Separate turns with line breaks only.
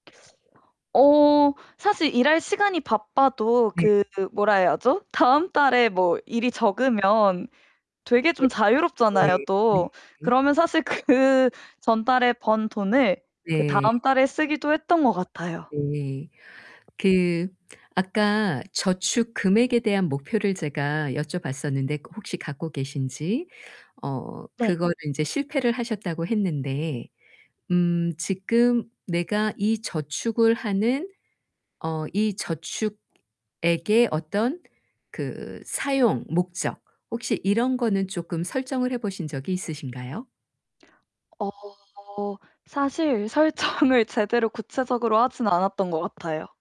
어 사실 일할 시간이 바빠도
네.
그 뭐라 해야죠 다음 달에 뭐 일이 적으면 되게
네.
좀 자유롭잖아요
네. 네.
또. 그러면 사실 그 전달에 번 돈을
네.
그다음 달에 쓰기도 했던 것 같아요.
네. 그 아까 저축 금액에 대한 목표를 제가 여쭤봤었는데 그 혹시 갖고 계신지. 어
네.
그거를 인제 실패를 하셨다고 했는데 음 지금 내가 이 저축을 하는 어 이 저축액의 어떤 그 사용 목적 혹시 이런 거는 쪼끔 설정을 해 보신 적이 있으신가요?
어 사실 설정을 제대로 구체적으로 하진 않았던 것 같아요.